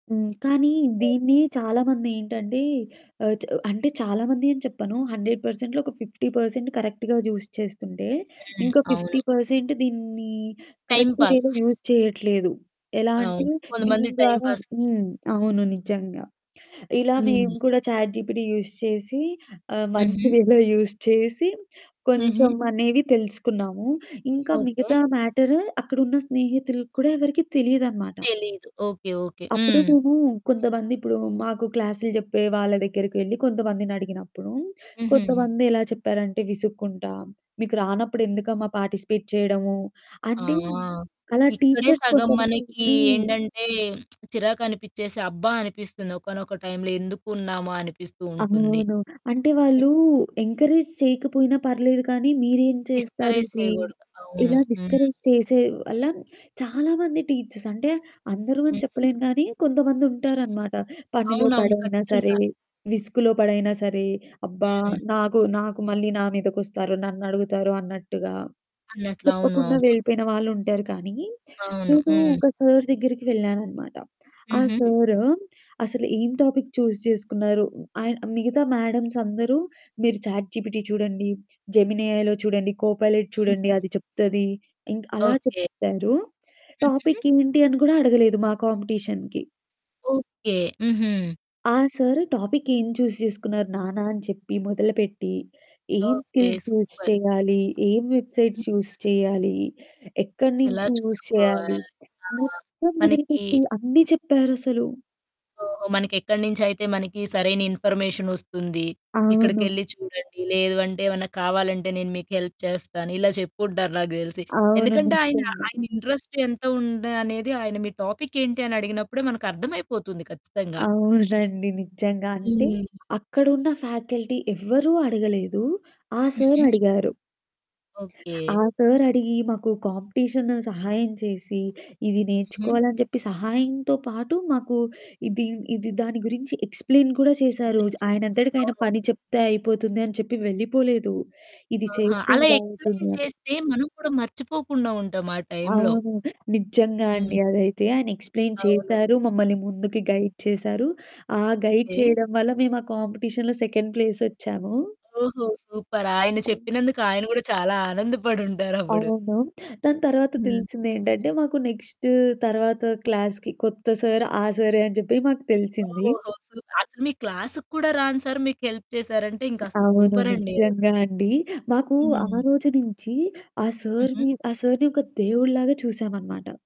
హ్మ్. కానీ దీన్ని ఓకే. చాలామంది ఏంటంటే ఆహ్, చ అంటే చాలామంది అని చెప్పను 100%లో ఒక 50% కరెక్ట్‌గా యూజ్ చేస్తుంటే హ్మ్. ఇంక ఫిఫ్టీ అవును. పర్సెంట్ దీన్ని టైమ్ కరెక్ట్ పాస్. వేలో యూజ్ చేయట్లేదు. ఎలా అంటే, అవును. దీని కొంతమంది టైమ్ ద్వారా పాస్‌కి. హ్మ్. అవును నిజంగా. ఇలా హ్మ్. మేము కూడా చాట్‌జీపీటీ యూజ్ చేసి ఆహ్, మంచి హుహు. వేలో యూజ్ చేసి కొంచెం హుహు. అనేవి తెలుసుకున్నాము ఇంకా ఓకె. మిగతా మ్యాటరు. అక్కడ ఉన్న స్నేహితులుకు కూడా ఎవరికీ తెలీదనమాట. తెలీదు. ఓకె. ఓకె. అప్పుడు హ్మ్. మేము కొంతమంది ఇప్పుడు మాకు క్లాసులు చెప్పే వాళ్ళ దగ్గరకి వెళ్లి కొంతమందిని అడిగినప్పుడు, హుహుహు. కొంతమంది ఎలా చెప్పారంటే విసుక్కుంటా "మీకు రానప్పుడు ఎందుకమ్మా పార్టిసిపేట్ చేయడము," ఆ! అంటే అలా ఇక్కడే టీచర్స్ సగం కొంతమంది మనకి హ్మ్. ఏంటంటే చిరాకనిపిచ్చేసి అబ్బా అనిపిస్తుంది ఒకానొక టైంలో ఎందుకు ఉన్నామా అనిపిస్తూ ఉంటుంది. అవును. అంటే వాళ్ళూ ఎంకరేజ్ చేయకపోయినా పర్లేదు కానీ, "మీరేం చేస్తారు డిస్కరేజ్ ఇది?" చేయగూడదు. అవును. ఇలా హ్మ్. డిస్కరేజ్ చేసే వల్ల చాలా మంది టీచర్స్, అంటే అందరూ అని హుహు. చెప్పలేను గాని కొంతమంది హుహు. ఉంటారనమాట. పనిలో అవునవును పడైనా సరే, ఖచ్చితంగా. విసుగులో పడైనా సరే, అబ్బా! హ్మ్. నాకు, నాకు మళ్ళీ నా మీదకొస్తారు నన్ను అడుగుతారు అన్నట్టుగా అన్నట్లు, అవును. చెప్పకుండా అవును. వెళ్ళిపోయిన వాళ్ళుంటారు కానీ, అవును. నేను హ్మ్. ఒక సారు దగ్గరికి వెళ్ళాననమాట. ఆ హుహు. సారు అసలు ఏం టాపిక్ చూజ్ జేసుకున్నారు. ఆయన మిగతా మ్యాడమ్స్ అందరూ "మీరు చాట్‌జీబీటీ చూడండి, జెమిని ఎఐలో చూడండి, కో పైలెట్ హ్మ్. చూడండి, అది చెప్తది." ఇంక అలా ఓకె. చెప్పేసారు. హుహు. టాపిక్కేంటి అని కూడా అడగలేదు మా కాంపిటీషన్‌కి. ఓకే. హుహు. ఆ సారు "టాపిక్ ఏం చూజ్ చేసుకున్నారు నాన్న" అని చెప్పి మొదలుపెట్టి ఏం ఓకే. Skills use super. చెయ్యాలి? ఏం హుహు. వెబ్‌సైట్స్ యూజ్ చెయ్యాలి? ఎలా ఎక్కడినుంచి యూజ్ చెయ్యాలి? చూసుకోవాలి? ఆ! మొత్తం మనకి మొదలుపెట్టి అన్ని చెప్పారసలు. ఓహో! మనకెక్కడి నుంచయితే మనకి సరైన ఇన్ఫర్‌మేషనొస్తుంది, అవును. ఇక్కడికెళ్ళి చూడండి. లేదు అంటే ఏమన్నా కావాలంటే నేను మీకు హెల్ప్ చేస్తాను. ఇలా చెప్పుంటారు నాకు తెలిసి. అవును. ఎందుకంటే ఆయన, నిజమే. ఆయన ఇంట్రెస్ట్ ఎంత ఉందనేది ఆయన మీ టాపిక్ ఏంటి అని అడిగినప్పుడే మనకర్థమైపోతుంది ఖచ్చితంగా. అవునండి. నిజంగా, అంటే హ్మ్. అక్కడున్న ఫ్యాకల్టీ ఎవ్వరూ అడగలేదు, ఆ సారు హుహు. అడిగారు. ఆ ఓకే. సారు అడిగి మాకు కాంపిటీషను సహాయం చేసి ఇది హుహు. నేర్చుకోవాలని అని చెప్పి సహాయంతో పాటు మాకు ఇది ఇది దాని గురించి ఎక్స్‌ప్లేన్ కూడా చేసారు. ఎక్స్‌ప్లేన్ చేసింది. ఆయనంతటికాయినా అవును. పని చెప్తే అయిపోతుంది అని చెప్పి వెళ్ళిపోలేదు. ఇది ఆహా! చేస్తే అలా ఇలా అవుతుంది ఎక్స్‌ప్లేన్ అని. చేస్తే మనం కూడా మర్చిపోకుండా ఉంటాం ఆ టైంలో. అవును. నిజంగా అండి హ్మ్. అదైతే, ఆయన ఎక్స్‌ప్లేన్ అవును. చేశారు, మమ్మల్ని ముందుకు గైడ్ చేసారు, ఆ గైడ్ ఓకె. చేయడం వల్ల మేము ఆ కాంపిటీషన్‌లో సెకండ్ ప్లేసొచ్చాము. ఓహో! సూపర్ ఆయన చెప్పినందుకు ఆయన గూడా చాలా ఆనందపడుంటారప్పుడు. అవును. దాని తర్వాత హ్మ్. తెలిసిందేంటంటే మాకు నెక్స్టు తర్వాత క్లాస్‌కి కొత్త సారు ఆ సారే అని చెప్పి మాకు తెలిసింది. ఓహో! సూ అసలు మీ క్లాస్‌కి కూడా రాని సారు మీకు హెల్ప్ చేసారంటే ఇంకా అసలు అవును. సూపరండి అది. నిజంగా అండి మాకు ఆ హ్మ్. రోజు నుంచి ఆ సారుని, హుహు. ఆ సారుని ఒక దేవుడిలాగా చూసామనమాట.